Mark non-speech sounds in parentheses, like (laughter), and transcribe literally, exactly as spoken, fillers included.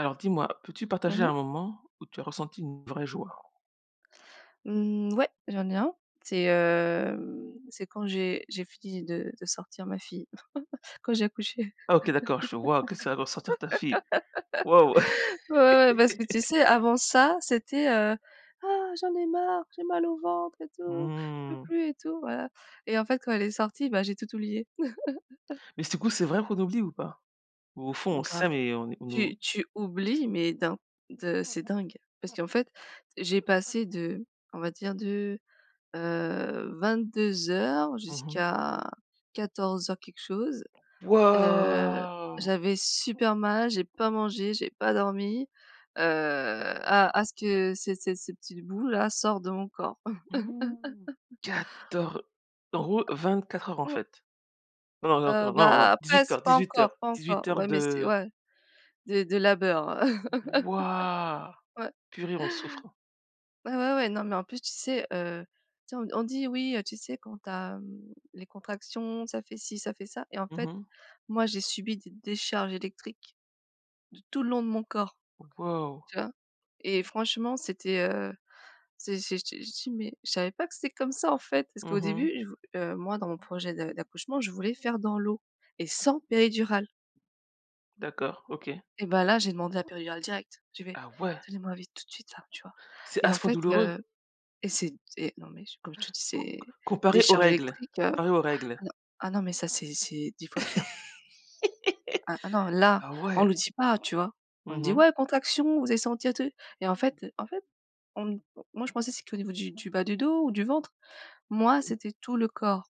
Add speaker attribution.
Speaker 1: Alors dis-moi, peux-tu
Speaker 2: Mmh
Speaker 1: partager
Speaker 2: mh.
Speaker 1: un moment où tu as ressenti une vraie joie?
Speaker 2: Mmh. Ouais, j'en ai un. C'est, heu, c'est quand j'ai j'ai fini de de sortir ma fille (chuckles) quand j'ai accouché.
Speaker 1: Ah OK d'accord, je vois que ça, sortir ta fille. Waouh.
Speaker 2: (laughs) Ouais ouais. Parce que tu
Speaker 1: (laughs)
Speaker 2: sais avant ça c'était, heu: «Ah j'en ai marre, j'ai mal au ventre et tout, je peux
Speaker 1: Mmh.
Speaker 2: plus et tout» voilà. Et en fait quand elle est sortie, bah, j'ai tout oublié. (chuckles)
Speaker 1: Mais du coup c'est vrai qu'on oublie ou pas? Ou au fond on
Speaker 2: Grave.
Speaker 1: sait mais on est on
Speaker 2: Tu
Speaker 1: ou
Speaker 2: tu oublies, mais d'un de c'est dingue. Parce qu'en fait, j'ai passé de, on va dire de, heu, vingt-deux heures
Speaker 1: Mmh mh.
Speaker 2: jusqu'à quatorze heures quelque chose. Heu.
Speaker 1: Waouh.
Speaker 2: J'avais super mal, j'ai pas mangé, j'ai pas dormi. Heu. A a ce que ces ces cette petit bout là sort de mon corps.
Speaker 1: (gasps)
Speaker 2: (laughs)
Speaker 1: Quator en gros vingt-quatre heures en
Speaker 2: Mmh.
Speaker 1: fait. Non, non,
Speaker 2: Heu,
Speaker 1: non, non, non,
Speaker 2: bah pas
Speaker 1: dix-huit
Speaker 2: sou
Speaker 1: heures,
Speaker 2: pas
Speaker 1: dix-huit heures,
Speaker 2: encore pas encore.
Speaker 1: dix-huit heures
Speaker 2: Ouais mais c'est
Speaker 1: de
Speaker 2: ouais, de de labeur.
Speaker 1: Waouh,
Speaker 2: (laughs) Ouais.
Speaker 1: purée on souffre.
Speaker 2: Bah ouais ouais non mais en plus, tu sais, heu, tu sais on on dit: «Oui, heu, tu sais quand tu as les contractions, ça fait ci ça fait ça». Et en
Speaker 1: Mmh
Speaker 2: fait
Speaker 1: mh.
Speaker 2: moi j'ai subi des décharges électriques. De tout le long de mon corps.
Speaker 1: Waouh.
Speaker 2: Tu vois? Et franchement c'était, heu, c'est c'est j te j je dis: «Mais je savais pas que c'était comme ça en fait». Parce
Speaker 1: Mmh
Speaker 2: qu'au
Speaker 1: mh.
Speaker 2: début, je vou heu, moi dans mon projet de d'accouchement, je voulais faire dans l'eau et sans péridurale.
Speaker 1: D'accord, OK.
Speaker 2: Et ben là j'ai demandé la péridurale directe. J'ai fait:
Speaker 1: Ah ouais!
Speaker 2: «Donnez moi vite tout de suite là», tu vois.
Speaker 1: C'est à
Speaker 2: Et en
Speaker 1: ce point
Speaker 2: fait,
Speaker 1: douloureux?
Speaker 2: heu, et c'est d et non mais comme je te dis, c'est
Speaker 1: Com comparé aux
Speaker 2: décharges
Speaker 1: règles,
Speaker 2: électriques, heu,
Speaker 1: comparé aux règles?
Speaker 2: ah non, mais ça, c'est c'est dix fois pire.
Speaker 1: (laughs)
Speaker 2: Ah ah non là,
Speaker 1: Bah
Speaker 2: on
Speaker 1: ouais.
Speaker 2: le dit pas, tu vois? On
Speaker 1: Mmh
Speaker 2: dit:
Speaker 1: mh.
Speaker 2: «Ouais, contraction, vous allez sentir et tout». Et en fait en fait, on moi je pensais c'était au niveau du du bas du dos ou du ventre. Moi c'était tout le corps.